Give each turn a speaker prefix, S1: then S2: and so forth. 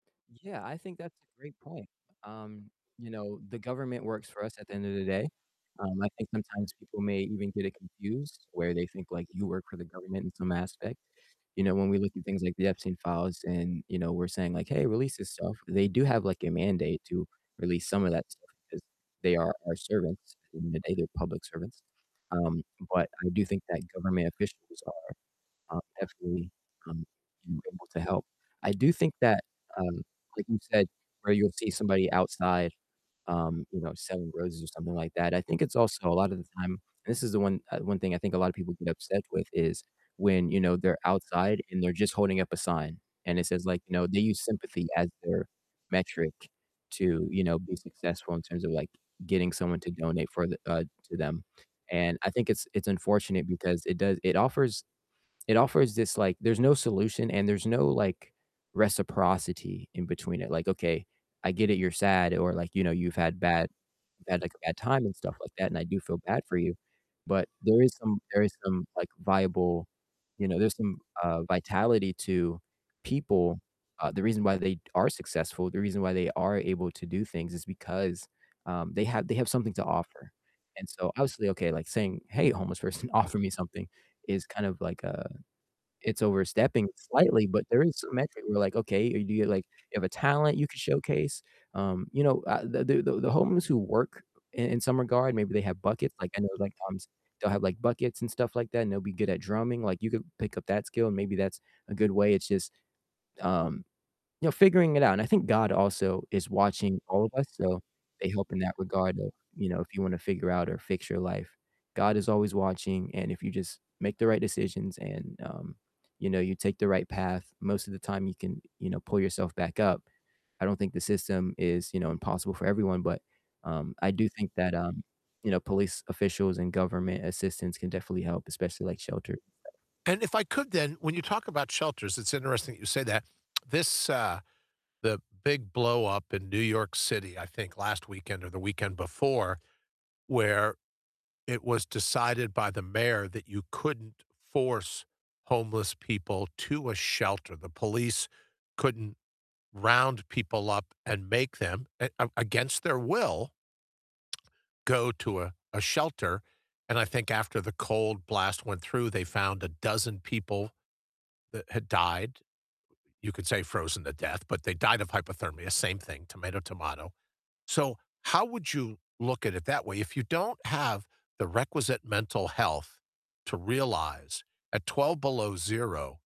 S1: Yeah, I think that's a great point, um, you know, the government works for us at the end of the day. Um, I think sometimes people may even get it confused where they think, like, you work for the government in some aspect, you know, when we look at things like the Epstein files and, you know, we're saying like, "Hey, release this stuff," they do have, like, a mandate to release some of that stuff because they are our servants, at the end of the day, they're public servants. Um, but I do think that government officials are, um, definitely, um, you know, able to help. I do think that, um, like you said, where you'll see somebody outside, um, you know, selling roses or something like that, I think it's also a lot of the time And this is the one uh, one thing I think a lot of people get upset with is when, you know, they're outside and they're just holding up a sign and it says like, you know, they use sympathy as their metric to, you know, be successful in terms of, like, getting someone to donate for the uh, to them. And I think it's it's unfortunate because it does it offers, it offers this like there's no solution and there's no, like, reciprocity in between it, like, okay, I get it, you're sad or, like, you know, you've had bad you've had, like, a bad time and stuff like that, and I do feel bad for you. But there is some, there is some, like, viable you know, there's some, uh, vitality to people. Uh, the reason why they are successful, the reason why they are able to do things is because, um, they have, they have something to offer. And so, obviously, okay, like saying, "Hey, homeless person, offer me something," is kind of like, uh, it's overstepping slightly, but there is some metric where like, okay, do you like, you have a talent you could showcase? Um, you know, uh, the the the homeless who work in in some regard, maybe they have buckets, like I know, like, sometimes they'll have, like, buckets and stuff like that and they'll be good at drumming, like you could pick up that skill and maybe that's a good way. It's just, um, you know, figuring it out and I think God also is watching all of us, so, they help in that regard of, you know, if you wanna figure out or fix your life. God is always watching and if you just make the right decisions and, um, you know, you take the right path, most of the time you can, you know, pull yourself back up. I don't think the system is, you know, impossible for everyone but, um, I do think that, um, you know, police officials and government assistance can definitely help, especially like shelter.
S2: And if I could then, when you talk about shelters, it's interesting that you say that. This, uh the big blow up in New York City, I think last weekend or the weekend before, where it was decided by the mayor that you couldn't force homeless people to a shelter, the police couldn't round people up and make them, a a against their will go to a a shelter. And I think after the cold blast went through; They found a dozen people that had died. You could say frozen to death, but they died of hypothermia, same thing, tomato, tomato. So, how would you look at it that way? If you don't have the requisite mental health to realize at 12 below zero